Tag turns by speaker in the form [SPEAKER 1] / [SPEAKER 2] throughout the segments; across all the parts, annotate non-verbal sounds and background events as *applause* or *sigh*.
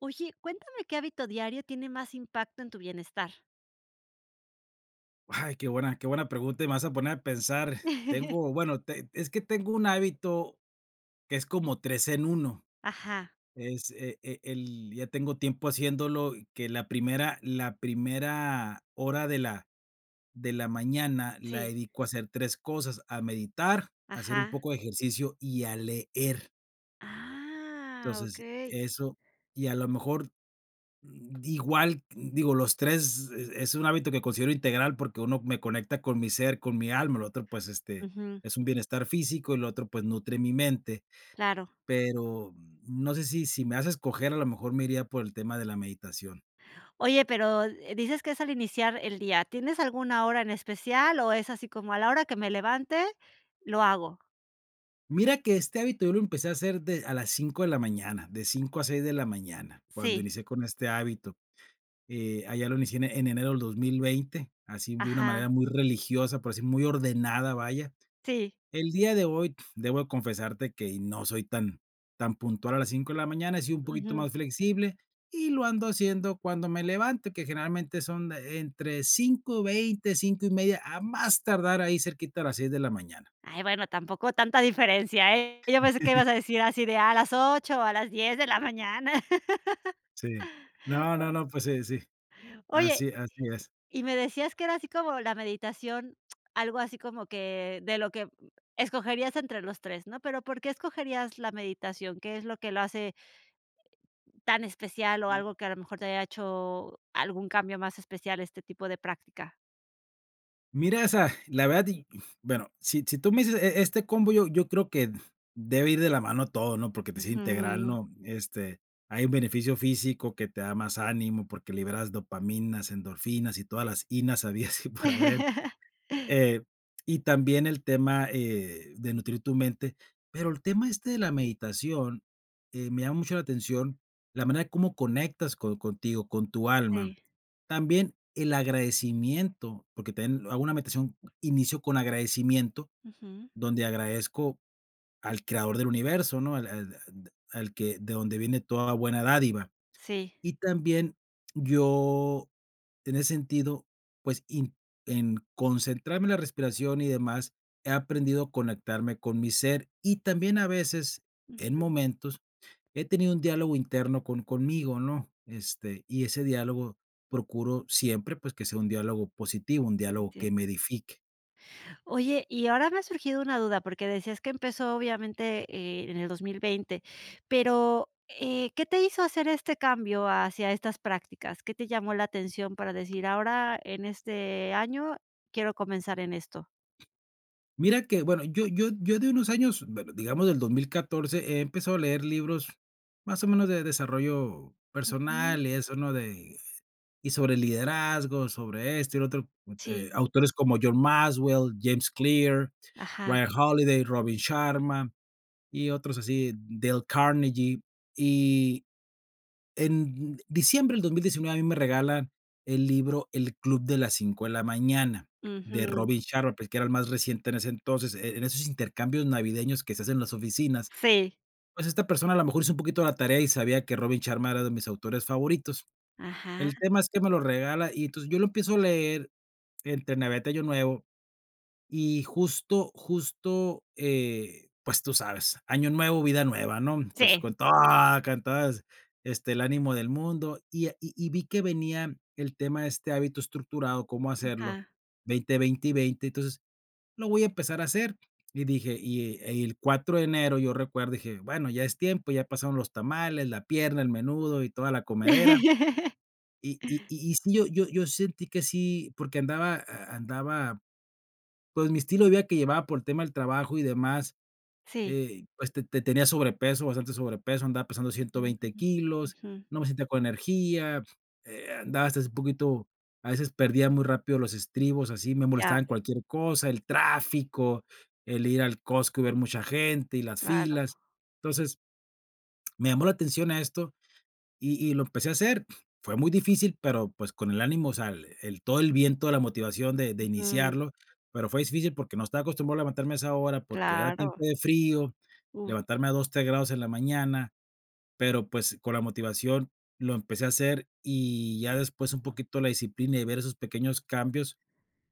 [SPEAKER 1] Oye, cuéntame, ¿qué hábito diario tiene más impacto en tu bienestar?
[SPEAKER 2] Ay, qué buena qué buena pregunta, y me vas a poner a pensar,
[SPEAKER 1] *laughs*
[SPEAKER 2] tengo bueno, teng es que tengo un hábito, que es como 3 en 1,
[SPEAKER 1] Ajá.
[SPEAKER 2] es e e el ya tengo tiempo haciéndolo, y que la primera la primera hora de la de la mañana la
[SPEAKER 1] Sí.
[SPEAKER 2] dedico a hacer 3 cosas, a meditar, a hacer un
[SPEAKER 1] Ajá.
[SPEAKER 2] poco de ejercicio y a leer.
[SPEAKER 1] Ah,
[SPEAKER 2] Entonces,
[SPEAKER 1] okey.
[SPEAKER 2] eso, y a lo mejor, mm, igual digo, los 3 es es un hábito que considero integral porque uno me conecta con mi ser, con mi alma, el otro, pues, este,
[SPEAKER 1] Ujú.
[SPEAKER 2] es un bienestar físico, y lo otro, pues, nutre mi mente,
[SPEAKER 1] Claro.
[SPEAKER 2] pero no sé si si me das a escoger, a lo mejor me iría por el tema de la meditación.
[SPEAKER 1] Oye pero, eh, dices que es al iniciar el día, ¿tienes alguna hora en especial, o es así como: "A la hora que me levante lo hago"?
[SPEAKER 2] Mira que, este hábito yo lo empecé a hacer de a las 5 de la mañana, de 5 a 6 de la mañana. Cuando
[SPEAKER 1] Sí.
[SPEAKER 2] inicié con este hábito, eh, allá lo inicié en enero del 2020, así de una
[SPEAKER 1] Ajá.
[SPEAKER 2] manera muy religiosa, por decir, muy ordenada, vaya.
[SPEAKER 1] Sí.
[SPEAKER 2] El día de hoy debo confesarte que no soy tan tan puntual a las 5 de la mañana, he sido un poquito
[SPEAKER 1] Ujú.
[SPEAKER 2] más flexible, y lo ando haciendo cuando me levante, que generalmente son entre 5:20, 5:30, a más tardar ahí cerquita a las 6 de la mañana.
[SPEAKER 1] Ay, bueno, tampoco tanta diferencia, eh, yo pensé que
[SPEAKER 2] *laughs*
[SPEAKER 1] ibas a decir así de: "A las 8 o a las 10 de la mañana". *laughs*
[SPEAKER 2] Sí, no, no,
[SPEAKER 1] *unintelligible*
[SPEAKER 2] no, pues, eh, sí,
[SPEAKER 1] Oye,
[SPEAKER 2] así, así es.
[SPEAKER 1] y me decías que era así como la meditación, algo así como que, de lo que escogerías entre los 3, ¿no?, pero, ¿por qué escogerías la meditación?, ¿qué es lo que lo hace tan especial?, o
[SPEAKER 2] Mm.
[SPEAKER 1] algo que, a lo mejor, te haya hecho algún cambio más especial a este tipo de práctica.
[SPEAKER 2] Mira esa la verdad, y bueno, si si tú me dices e e este combo yo yo creo que debe ir de la mano todo, ¿no?, por que, pues, es integral,
[SPEAKER 1] Ujú.
[SPEAKER 2] ¿no?, este, hay un beneficio físico que te da más ánimo, porque liberas dopamina, endorfinas, y todas las inas habidas y por haber,
[SPEAKER 1] *laughs*
[SPEAKER 2] eh, y también el tema, eh, de nutrir tu mente, pero el tema este de la meditación, eh, me llama mucho la atención, la manera de cómo conectas co contigo, con tu alma.
[SPEAKER 1] Sí.
[SPEAKER 2] También el agradecimiento, porque también hago una meditación, inicio con agradecimiento,
[SPEAKER 1] Ujú.
[SPEAKER 2] donde agradezco al creador del universo, ¿no?, al al de al que de donde viene toda buena dádiva,
[SPEAKER 1] Sí.
[SPEAKER 2] y también yo, en ese sentido, pues, in en concentrarme en la respiración y demás, he aprendido a conectarme con mi ser, y también a veces en
[SPEAKER 1] Ujú.
[SPEAKER 2] momentos he tenido un diálogo interno con conmigo, ¿no? Este, y ese diálogo procuro siempre, pues, que sea un diálogo positivo, un diálogo que
[SPEAKER 1] Entiendo.
[SPEAKER 2] me edifique.
[SPEAKER 1] Oye, y ahora me ha surgido una duda, porque decías que empezó obviamente, eh, en el 2020, pero, eh, ¿qué te hizo hacer este cambio hacia estas prácticas?, ¿qué te llamó la atención para decir ahora en este año quiero comenzar en esto?
[SPEAKER 2] Mira que, bueno, yo yo yo de unos años, bu digamos del 2014 he empezado a leer libros, más o menos, de desarrollo
[SPEAKER 1] Ujú.
[SPEAKER 2] personal y eso, ¿no?, de y sobre liderazgo, sobre esto y lo otro, eh,
[SPEAKER 1] Sí.
[SPEAKER 2] autores como John Maxwell, James Clear,
[SPEAKER 1] Ajá.
[SPEAKER 2] Ryan Holiday, Robin Sharma, y otros así, Dale Carnegie, y en diciembre del 2019 a mí me regalan el libro "El Club de las 5 de la Mañana", de
[SPEAKER 1] Ujú.
[SPEAKER 2] Robin Sharma, pues, que era el más reciente en ese entonces, en en esos intercambios navideños que se hacen en las oficinas,
[SPEAKER 1] Sí.
[SPEAKER 2] pues, esta persona a lo mejor hizo un poquito la tarea y sabía que Robin Sharma era de mis autores favoritos.
[SPEAKER 1] Ajá.
[SPEAKER 2] El tema es que me lo regala, y entonces, yo lo empiezo a leer entre Navidad y Año Nuevo, y justo justo, eh, pues, tú sabes "Año nuevo, vida nueva", ¿no? Entonces,
[SPEAKER 1] Sí.
[SPEAKER 2] con todo cantadas, este, el ánimo del mundo. Y, ah, y y vi que venía el tema de este hábito estructurado, cómo hacerlo,
[SPEAKER 1] Ajá.
[SPEAKER 2] 20, 20 y 20, entonces, lo voy a empezar a hacer, y dije, y el el 4 de enero yo recuerdo, dije: "Bueno, ya es tiempo, ya pasaron los tamales, la pierna, el menudo, y toda la comedera",
[SPEAKER 1] *laughs*
[SPEAKER 2] y y y sí, yo yo yo sentí que sí porque andaba a andaba, pues, mi estilo de vida que llevaba por el tema del trabajo y demás.
[SPEAKER 1] Sí.
[SPEAKER 2] Eh, este, te tenía sobrepeso, bastante sobrepeso, andaba pesando ciento
[SPEAKER 1] Mm,
[SPEAKER 2] veinte kilos,
[SPEAKER 1] ujú.
[SPEAKER 2] no me sentía con energía, eh, andaba hasta así poquito, a veces perdía muy rápido los estribos, así me
[SPEAKER 1] Ya.
[SPEAKER 2] molestaba en cualquier cosa, el tráfico, el ir al Costco y ver mucha gente, y las
[SPEAKER 1] Claro.
[SPEAKER 2] filas. Entonces me llamó la atención a esto, y y lo empecé a hacer. Fue muy difícil, pero, pues, con el ánimo, o sea, el el todo el viento, la motivación de de
[SPEAKER 1] Ujú.
[SPEAKER 2] iniciarlo, pero fue difícil, porque no estaba acostumbrado levantarme a esa hora, porque era tiempo
[SPEAKER 1] Claro.
[SPEAKER 2] de frío,
[SPEAKER 1] Uh.
[SPEAKER 2] levantarme a 2, 3 grados en la mañana, pero, pues, con la motivación lo empecé a hacer. Y ya después un poquito la disciplina, y ver esos pequeños cambios,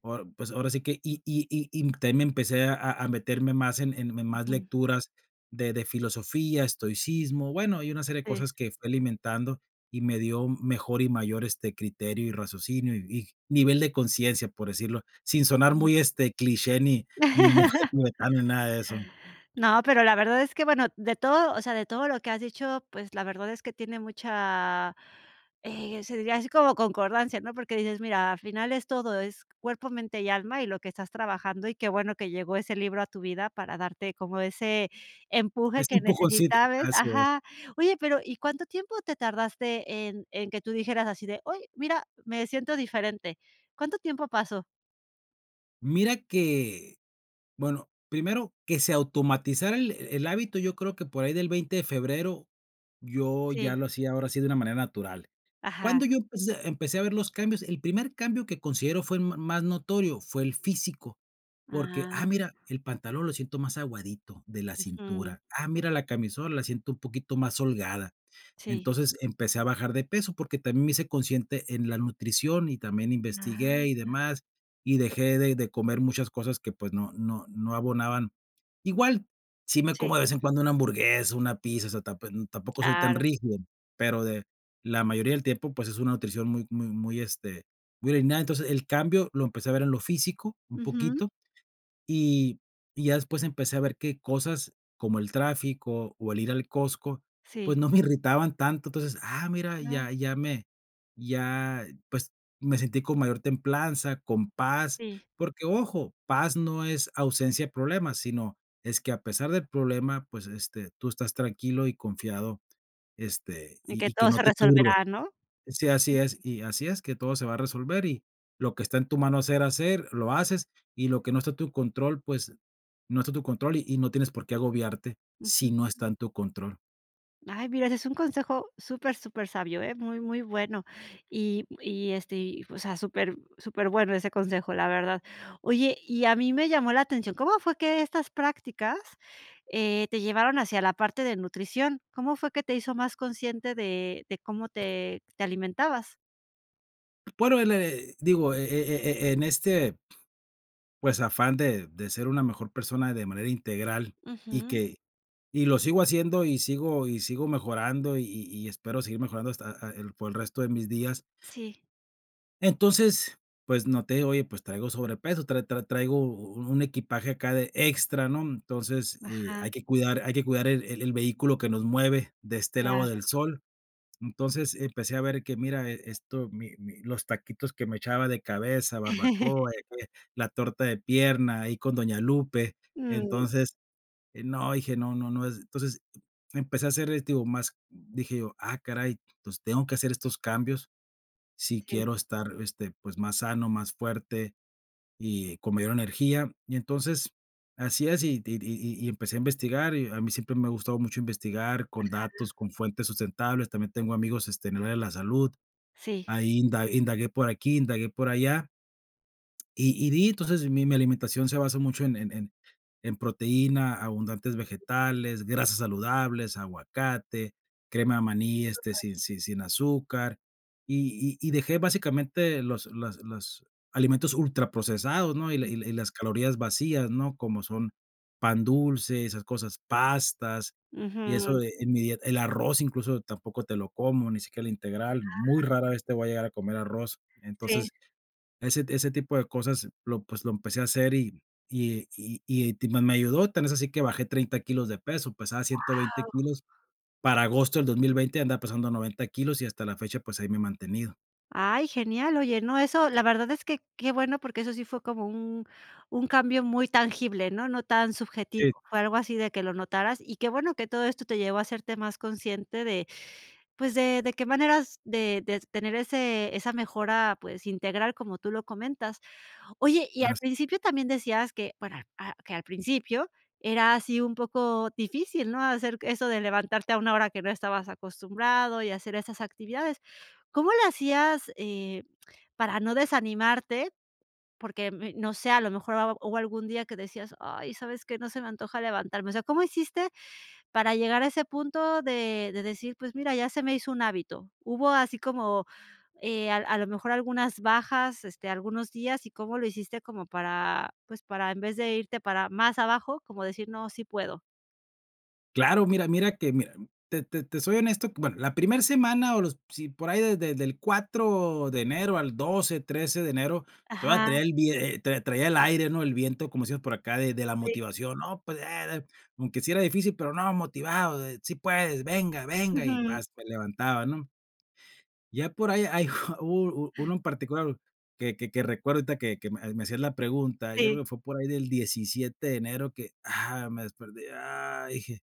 [SPEAKER 2] ahora pues, ahora sí que, y y y también me empecé a meterme más en en más
[SPEAKER 1] Ujú.
[SPEAKER 2] lecturas de de filosofía, estoicismo, bueno, y una serie de
[SPEAKER 1] Sí.
[SPEAKER 2] cosas que fue alimentando y me dio mejor y mayor, este, criterio y raciocinio, y nivel de conciencia, por decirlo, sin sonar
[SPEAKER 1] Ujú.
[SPEAKER 2] muy este cliché, ni monje
[SPEAKER 1] *laughs*
[SPEAKER 2] tibetano, ni nada de eso.
[SPEAKER 1] No, pero la verdad es que, bueno, de todo, o sea, de todo lo que has dicho, pues, la verdad es que tiene mucha, eh, se diría así como concordancia, ¿no?, porque dices, mira, al final es todo, es cuerpo, mente y alma, y lo que estás trabajando, y qué bueno que llegó ese libro a tu vida para darte como ese empuje
[SPEAKER 2] Ese
[SPEAKER 1] que
[SPEAKER 2] empujoncito,
[SPEAKER 1] necesitabas
[SPEAKER 2] así es.
[SPEAKER 1] ajá, oye, pero, ¿y cuánto tiempo te tardaste en en que tú dijeras así de: "Oye, mira, me siento diferente"?, ¿cuánto tiempo pasó?
[SPEAKER 2] Mira que bueno, primero que se automatizara el el hábito, yo creo que por ahí del 20 de febrero, yo ya
[SPEAKER 1] Sí.
[SPEAKER 2] lo hacía, ahora sí, de una manera natural.
[SPEAKER 1] Ajá.
[SPEAKER 2] ¿Cuándo yo empecé empecé a ver los cambios? El primer cambio que considero fue ma más notorio, fue el físico, porque: "Ah,
[SPEAKER 1] Ah.
[SPEAKER 2] mira, el pantalón lo siento más aguadito de la
[SPEAKER 1] Ujú.
[SPEAKER 2] cintura, ah, mira, la camisola, la siento un poquito más holgada".
[SPEAKER 1] Sí.
[SPEAKER 2] Entonces, empecé a bajar de peso, porque también me hice consciente en la nutrición, y también investigué, y
[SPEAKER 1] Ah.
[SPEAKER 2] demás. Y dejé de de comer muchas cosas que, pues, no no no abonaban. Igual, sí me
[SPEAKER 1] Sí.
[SPEAKER 2] como, de vez en cuando, una hamburguesa, una pizza, o sea, tap em, tampoco soy tan
[SPEAKER 1] Claro.
[SPEAKER 2] rígido, pero de la mayoría del tiempo, pues, es una nutrición muy muy muy, este, muy ordenada. Entonces, el cambio lo empecé a ver en lo físico, un
[SPEAKER 1] Ujú.
[SPEAKER 2] poquito. Y y ya después, empecé a ver que cosas, como el tráfico, o el ir al Costco, pues,
[SPEAKER 1] Sí.
[SPEAKER 2] no me irritaban tanto. Entonces, ah, mira,
[SPEAKER 1] Cla
[SPEAKER 2] ya ya me ya, pues, me sentí con mayor templanza, con paz,
[SPEAKER 1] Sí.
[SPEAKER 2] porque ojo, paz no es ausencia de problemas, sino es que, a pesar del problema, pues, este, tú estás tranquilo y confiado, este,
[SPEAKER 1] En
[SPEAKER 2] y
[SPEAKER 1] que
[SPEAKER 2] y que
[SPEAKER 1] todo
[SPEAKER 2] no
[SPEAKER 1] se
[SPEAKER 2] te turbe.
[SPEAKER 1] resolverá, ¿no?
[SPEAKER 2] Sí, así es,
[SPEAKER 1] *unintelligible*
[SPEAKER 2] y así es, que todo se va a resolver y lo que está en tu mano hacer, hacer, lo haces, y lo que no está en tu control, pues, no está en tu control, y no tienes por qué agobiarte, si
[SPEAKER 1] Ujú.
[SPEAKER 2] no está en tu control.
[SPEAKER 1] Ay, mira, ese es un consejo súper, supersabio, ¿eh?, muy, muy bueno, y y, este, y, o sea, súper, superbueno ese consejo, la verdad, oye, y a mí me llamó la atención, ¿cómo fue que estas prácticas, eh, te llevaron hacia la parte de nutrición?, ¿cómo fue que te hizo más consciente de de cómo te te alimentabas?
[SPEAKER 2] Bueno, el le digo, e e e e en este pues, afán de de ser una mejor persona de manera integral, y
[SPEAKER 1] Ujú.
[SPEAKER 2] que y lo sigo haciendo, y sigo y sigo mejorando, y y y espero seguir mejorando hasta a a el por el resto de mis días
[SPEAKER 1] Sí.
[SPEAKER 2] entonces, pues, no te digo, oye, pues, traigo sobrepeso, tra tra traigo u u un equipaje acá de extra, ¿no?, entonces, eh, hay
[SPEAKER 1] Ajá.
[SPEAKER 2] que cuidar hay que cuidar el el vehículo que nos mueve de este lado
[SPEAKER 1] Claro.
[SPEAKER 2] del sol, entonces empecé a ver, que mira, e esto, mi mi los taquitos que me echaba de cabeza, barbacoa, de
[SPEAKER 1] *laughs*
[SPEAKER 2] que la torta de pierna, ahí con doña Lupe,
[SPEAKER 1] Mm.
[SPEAKER 2] entonces, eh, no, dije: "No no no", entonces, empecé a hacer, este, digo, más dije yo: "Ah caray, entonces tengo que hacer estos cambios si
[SPEAKER 1] Sí.
[SPEAKER 2] quiero estar, este, pues, más sano, más fuerte y con mayor energía", y entonces así es y di di y y y empecé a investigar, y a mí siempre me ha gustado mucho investigar con
[SPEAKER 1] Ajá.
[SPEAKER 2] datos, con fuentes sustentables, también tengo amigos, este, en el área de la salud,
[SPEAKER 1] Sí.
[SPEAKER 2] ahí inda indagué por aquí, indagué por allá. Y y di entonces mi mi alimentación se basa mucho en en en proteína, abundantes
[SPEAKER 1] Ujú.
[SPEAKER 2] vegetales, grasas saludables, aguacate, crema de maní, este,
[SPEAKER 1] Súper.
[SPEAKER 2] sin si sin azúcar, y y y dejé básicamente los las los alimentos ultraprocesados, ¿no?, y la
[SPEAKER 1] Mm.
[SPEAKER 2] y la y las calorías vacías, ¿no?, como son, pan dulce, esas cosas, pastas, y eso
[SPEAKER 1] Ujú.
[SPEAKER 2] de en mi dieta el arroz incluso tampoco te lo como, ni siquiera el integral, muy
[SPEAKER 1] Ah.
[SPEAKER 2] rara vez te voy a llegar a comer arroz.
[SPEAKER 1] Sí.
[SPEAKER 2] Entonces, ese t ese tipo de cosas lo, pues, lo empecé a hacer y y y y ti ma me ayudó, tan es así que bajé 30 kilos de peso, pesaba 120
[SPEAKER 1] Wao.
[SPEAKER 2] kilos, para agosto del 2020 andaba pesando 90 kilos y hasta la fecha, pues, ahí me he mantenido.
[SPEAKER 1] Ay, genial. Oye, no, eso, la verdad es que qué bueno, porque eso sí fue como un un cambio muy tangible, ¿no? No tan subjetivo.
[SPEAKER 2] Sí.
[SPEAKER 1] Fue algo así de que lo notaras, y qué bueno que todo esto te llevó a hacerte más consciente de, pues, de de qué maneras de de tener ese esa mejora, pues, integral como tú lo comentas. Oye, y
[SPEAKER 2] Ah,
[SPEAKER 1] al
[SPEAKER 2] s
[SPEAKER 1] principio también decías que, para a que al principio era así un poco difícil, ¿no? Hacer eso de levantarte a 1 hora que no estabas acostumbrado y hacer esas actividades. ¿Cómo le hacías, eh, para no desanimarte? Porque, mm, no sé, a lo mejor hab hubo algún día que decías, ay, ¿sabes qué? No se me antoja levantarme. O sea, ¿cómo hiciste para llegar a ese punto de de decir, pues mira, ya se me hizo un hábito, ¿hubo así como, eh, a a lo mejor algunas bajas? Este, algunos días y, ¿cómo lo hiciste como para, pues, para en vez de irte para más abajo, como decir, no, sí puedo?
[SPEAKER 2] Claro, mira mira que, mira, te te te soy honesto, bueno, la primer semana o los si por ahí de de del 4 de enero al 12, 13 de enero, todavía
[SPEAKER 1] Ajá.
[SPEAKER 2] traía el vide tra traía el aire, ¿no? El viento, como decimos por acá, de de la
[SPEAKER 1] Sí.
[SPEAKER 2] motivación, ¿no? Pues, eh, aunque sí era difícil, pero no, motivado, sí puedes, venga, venga, y
[SPEAKER 1] Ujú.
[SPEAKER 2] pas, te levantaba, ¿no? Ya por ahí hay u u uno en particular que que que recuerdo ahorita que que me hacían la pregunta, yo
[SPEAKER 1] Sí.
[SPEAKER 2] creo que fue por ahí del 17 de enero, que, ah, me desperté, ay, dije,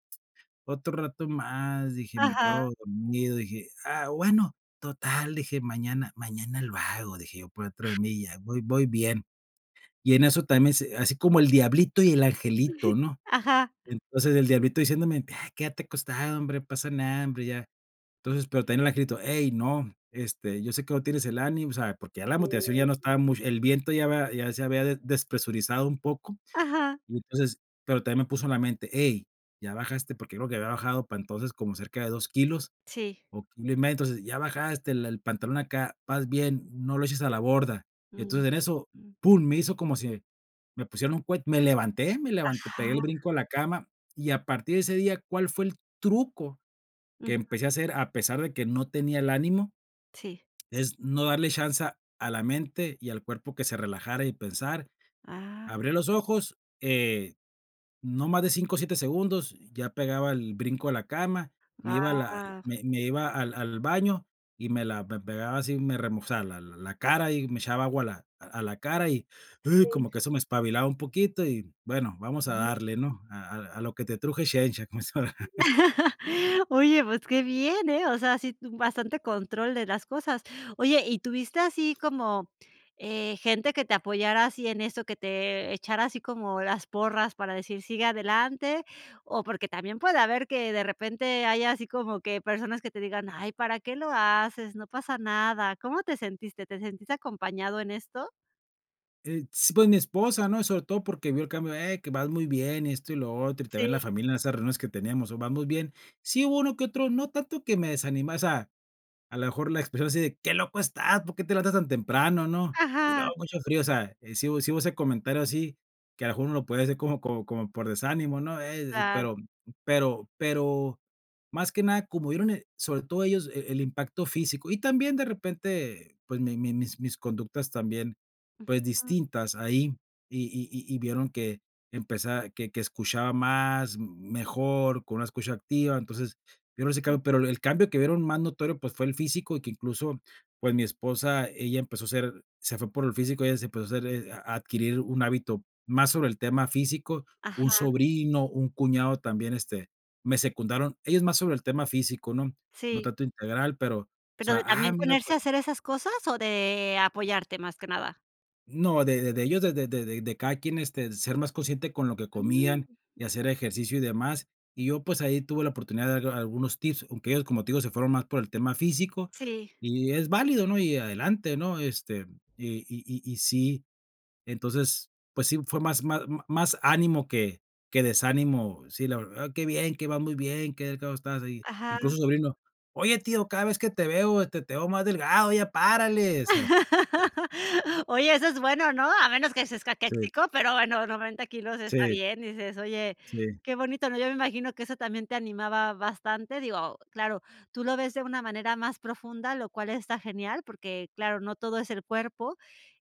[SPEAKER 2] otro rato más, dije, me
[SPEAKER 1] Ajá.
[SPEAKER 2] quedo dormido, dije, ah, bueno, total, dije, mañana mañana lo hago, dije yo por dentro de mí, ya voy voy bien. Y en eso también se así como el diablito y el
[SPEAKER 1] Sí.
[SPEAKER 2] angelito, ¿no?
[SPEAKER 1] Ajá.
[SPEAKER 2] Entonces, el diablito diciéndome: "Quédate acostado, hombre, no pasa nada, hombre", ya. Entonces, pero también el angelito: "hey, no, este, yo sé que hoy tienes el ánimo, o sea, porque ya la
[SPEAKER 1] Sí.
[SPEAKER 2] motivación ya no estaba mucho, el viento ya había ya se había despresurizado un poco",
[SPEAKER 1] Ajá.
[SPEAKER 2] y entonces, pero también me puso en la mente: "hey, ya bajaste porque creo que había bajado para entonces como cerca de 2 kilos,
[SPEAKER 1] Sí.
[SPEAKER 2] o kilo y medio, entonces ya bajaste el el pantalón acá, vas bien, no lo eches a la borda".
[SPEAKER 1] Mm,
[SPEAKER 2] Entonces en eso,
[SPEAKER 1] mm.
[SPEAKER 2] pum, me hizo como si me pusieron un cuet me levanté me levanté,
[SPEAKER 1] Ajá.
[SPEAKER 2] pegué el brinco de la cama y a partir de ese día, ¿cuál fue el truco que
[SPEAKER 1] Ujú.
[SPEAKER 2] empecé a hacer a pesar de que no tenía el ánimo?
[SPEAKER 1] Sí.
[SPEAKER 2] Es no darle chanza a la mente y al cuerpo que se relajara y pensar,
[SPEAKER 1] Ah.
[SPEAKER 2] abre los ojos, eh, no más de 5, 7 segundos, ya pegaba el brinco de la cama, me iba a la
[SPEAKER 1] Ah.
[SPEAKER 2] me me iba al al baño y me la pe pegaba así, me remo o sea, la la cara y me echaba agua a la a la cara, y
[SPEAKER 1] Sí.
[SPEAKER 2] como que eso me espabilaba un poquito y, bueno, vamos a
[SPEAKER 1] Ujú.
[SPEAKER 2] darle, ¿no? A a a lo que te truje chencha, como dicen. *chuckles*
[SPEAKER 1] *chuckles* Oye, pues qué bien, eh, o sea, sí, tú bastante control de las cosas. Oye, ¿y tuviste así como, eh, gente que te apoyara así en eso, que te, eh, echara así como las porras para decir sigue adelante? O porque también puede haber que de repente haya así como que personas que te digan, ay, ¿para qué lo haces? No pasa nada, ¿cómo te sentiste? ¿Te sentiste acompañado en esto?
[SPEAKER 2] Eh, s pues, mi esposa, ¿no? Sobre todo porque vio el cambio, eh que vas muy bien, esto y lo otro, y te ven la
[SPEAKER 1] Sí.
[SPEAKER 2] familia en esas reuniones que tenemos, o vas muy bien. Sí, uno que otro, no tanto que me desanimó o sea, a lo mejor la expresión así de: "Qué loco estás, ¿por qué te levantas tan temprano?", ¿no? Y luego
[SPEAKER 1] Ajá.
[SPEAKER 2] mucho frío, o sea, sí hu sí hubo ese comentario así, que a lo mejor uno lo puede hacer como como como por desánimo, ¿no? Eh,
[SPEAKER 1] Claro.
[SPEAKER 2] pero pero pero más que nada como vieron, eh, sobre todo ellos el el impacto físico y también de repente, pues, mi mi mis mis conductas también, pues,
[SPEAKER 1] Ujú.
[SPEAKER 2] distintas ahí, y y y vieron que empezaba que escuchaba más mejor, con una escucha activa. Entonces, yo, no sé que
[SPEAKER 1] Mm.
[SPEAKER 2] hago, pero el cambio que vieron más notorio, pues, fue el físico, y que, incluso, pues, mi esposa, ella empezó a ser se fue por el físico, ella se empezó a hacer a a adquirir un hábito más sobre el tema físico, un
[SPEAKER 1] Ajá.
[SPEAKER 2] sobrino, un cuñado también, este, me secundaron, ellos más sobre el tema físico, ¿no? No
[SPEAKER 1] Sí.
[SPEAKER 2] tanto integral, pero, o
[SPEAKER 1] ¿Pero
[SPEAKER 2] sea,
[SPEAKER 1] de
[SPEAKER 2] ah
[SPEAKER 1] también
[SPEAKER 2] mira
[SPEAKER 1] ponerse a
[SPEAKER 2] pues.
[SPEAKER 1] hacer esas cosas o de apoyarte más que nada?
[SPEAKER 2] No, de de de ellos, de de de de cada quien, este, ser más consciente con lo que
[SPEAKER 1] Mm.
[SPEAKER 2] comían, y hacer ejercicio y demás, y yo pues ahí tuve la oportunidad de dar algunos tips, aunque ellos como te digo se fueron más por el tema físico
[SPEAKER 1] Sí.
[SPEAKER 2] y es válido, ¿no? Y adelante, ¿no? Este, y y y y sí, entonces, pues, sí fue más más más ánimo que que desánimo. Sí, la verdad, qué bien, qué vas muy bien, qué delgado estás y,
[SPEAKER 1] Ajá.
[SPEAKER 2] incluso el sobrino: "Oye, tío, cada vez que te veo, te te veo más delgado, ya párale", o sea.
[SPEAKER 1] *laughs* Oye, eso es bueno, ¿no? A menos que seas
[SPEAKER 2] Sí.
[SPEAKER 1] caquéxico, pero bueno 90 kilos está
[SPEAKER 2] Sí.
[SPEAKER 1] bien y dices: "Oye,
[SPEAKER 2] Sí.
[SPEAKER 1] qué bonito, ¿no?" Yo me imagino que eso también te animaba bastante. Digo, claro, tú lo ves de una manera más profunda, lo cual está genial, porque claro, no todo es el cuerpo.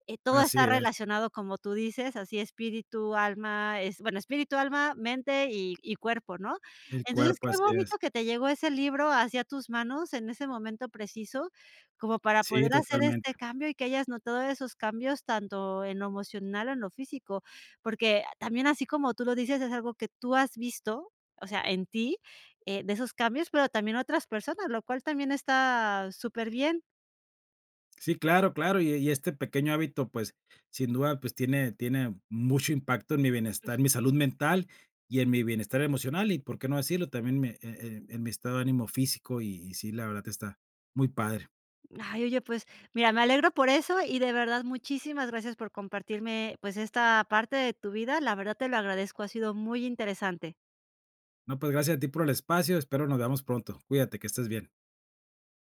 [SPEAKER 1] Eh, todo
[SPEAKER 2] Así
[SPEAKER 1] está
[SPEAKER 2] es.
[SPEAKER 1] relacionado, como tú dices, así espíritu, alma, es bueno, espíritu, alma, mente y y cuerpo, ¿no?
[SPEAKER 2] El
[SPEAKER 1] Entonces,
[SPEAKER 2] cuerpo,
[SPEAKER 1] qué
[SPEAKER 2] así
[SPEAKER 1] bonito
[SPEAKER 2] es.
[SPEAKER 1] que te llegó ese libro así a tus manos en ese momento preciso, como para
[SPEAKER 2] Sí,
[SPEAKER 1] poder hacer este
[SPEAKER 2] totalmente.
[SPEAKER 1] cambio y que hayas notado esos cambios tanto en lo emocional, en lo físico. Porque también así como tú lo dices, es algo que tú has visto o sea, en ti, eh, de esos cambios, pero también otras personas, lo cual también está súper bien.
[SPEAKER 2] Sí, claro claro. Y y este pequeño hábito, pues, sin duda, pues, tiene tiene mucho impacto en mi bienestar y mi salud
[SPEAKER 1] Ujú.
[SPEAKER 2] mental, y en mi bienestar emocional, y por qué no decirlo, también me eh eh en mi estado de ánimo físico, y y sí, la verdad está muy padre.
[SPEAKER 1] Ay, oye pues, mira me alegro por eso y de verdad muchísimas gracias por compartirme, pues, esta parte de tu vida. La verdad te lo agradezco, ha sido muy interesante.
[SPEAKER 2] No, pues, gracias a ti por el espacio, espero nos veamos pronto. Cuídate, que estés bien.